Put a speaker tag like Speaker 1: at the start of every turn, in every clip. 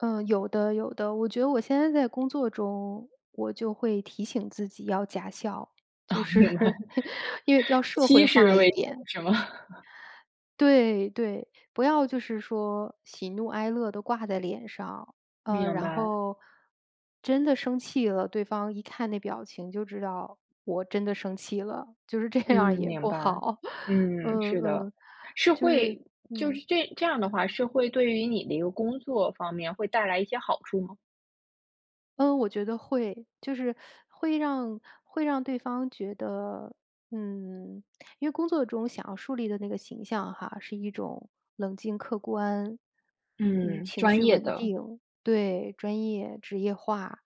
Speaker 1: 呃，有的有的。我觉得我现在在工作中，我就会提醒自己要假笑，
Speaker 2: 哦，
Speaker 1: 就
Speaker 2: 明白。
Speaker 1: 是，因为要社会化
Speaker 2: [unintelligible]
Speaker 1: 一点。
Speaker 2: 是吗？
Speaker 1: 对对。不要就是说，喜怒哀乐都挂在脸上。呃，
Speaker 2: 明
Speaker 1: 然
Speaker 2: 白。
Speaker 1: 后，真的生气了对方一看那表情就知道我真的生气了，就是这
Speaker 2: 嗯，
Speaker 1: 样儿也
Speaker 2: 明
Speaker 1: 不
Speaker 2: 白。
Speaker 1: 好。
Speaker 2: 嗯，
Speaker 1: 嗯
Speaker 2: 是的，
Speaker 1: 嗯，
Speaker 2: 是
Speaker 1: 就是
Speaker 2: 会就是
Speaker 1: 嗯。
Speaker 2: 这这样的话是会对于你的一个工作方面会带来一些好处吗？
Speaker 1: 嗯，我觉得会。就是 会让会让对方觉得，嗯，因为工作中想要树立的那个形象哈，是一种冷静、客观，嗯，
Speaker 2: 嗯，
Speaker 1: 情
Speaker 2: 专
Speaker 1: 绪
Speaker 2: 业
Speaker 1: 稳
Speaker 2: 的。
Speaker 1: 定对，专业职业化。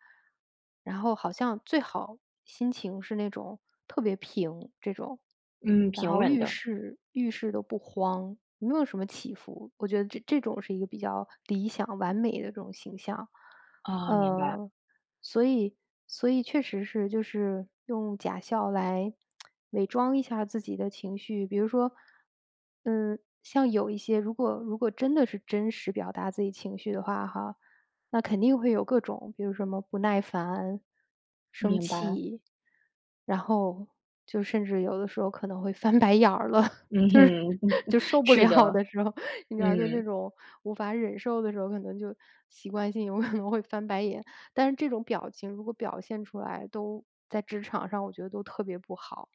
Speaker 1: 然后好像最好心情是那种特别平这种，
Speaker 2: 嗯，
Speaker 1: 然
Speaker 2: 平
Speaker 1: 后
Speaker 2: 稳
Speaker 1: 遇
Speaker 2: 的。
Speaker 1: 事遇事都不慌，没有什么起伏，我觉得这这种是一个比较理想、完美的这种形象。
Speaker 2: 哦，明白。
Speaker 1: 嗯，所以所以确实是就是用假笑来 伪装一下自己的情绪。比如说，嗯，像有一些如果如果真的是真实表达自己情绪的话哈，那肯定会有各种，比如说什么不耐烦、生
Speaker 2: 明白。
Speaker 1: 气，然后就甚至有的时候可能会翻白眼儿了，
Speaker 2: 嗯
Speaker 1: 就是，
Speaker 2: 哼，
Speaker 1: 就 受不
Speaker 2: 是
Speaker 1: 了
Speaker 2: 的。
Speaker 1: 的时候，你知道就那
Speaker 2: 嗯。
Speaker 1: 种无法忍受的时候，可能就习惯性有可能会翻白眼，但是这种表情如果表现出来都在职场上我觉得都特别不好。